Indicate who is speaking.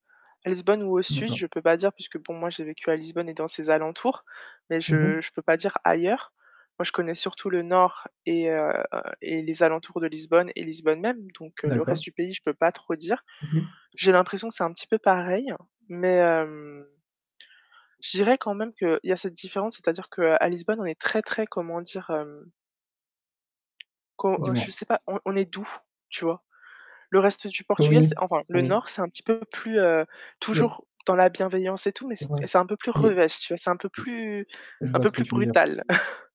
Speaker 1: À Lisbonne ou au sud,
Speaker 2: D'accord.
Speaker 1: je peux pas dire puisque bon, moi, j'ai vécu à Lisbonne et dans ses alentours, mais
Speaker 2: Mmh
Speaker 1: je
Speaker 2: mh.
Speaker 1: je peux pas dire ailleurs. Moi, je connais surtout le nord et, heu, et les alentours de Lisbonne et Lisbonne même. Donc, le reste
Speaker 2: D'accord.
Speaker 1: du pays, je peux pas trop dire.
Speaker 2: Mmh mh.
Speaker 1: J'ai l'impression que c'est un petit peu pareil, mais, hem, je dirais quand même qu'il y a cette différence, c'est-à-dire qu'à Lisbonne, on est très très comment dire? Hem Co heu
Speaker 2: Dis-moi.
Speaker 1: je sais pas, on on est doux, tu vois? Le reste du Portugal, c
Speaker 2: Oui.
Speaker 1: enfin le
Speaker 2: Oui.
Speaker 1: nord, c'est un petit peu plus, heu,
Speaker 2: Mais
Speaker 1: toujours dans la bienveillance et tout, mais c
Speaker 2: Ouais,
Speaker 1: c'est un peu plus
Speaker 2: mais
Speaker 1: revêche, tu vois, c'est un peu
Speaker 2: M
Speaker 1: plus
Speaker 2: Je
Speaker 1: un
Speaker 2: vois
Speaker 1: peu
Speaker 2: ce que
Speaker 1: plus
Speaker 2: tu veux dire.
Speaker 1: brutal.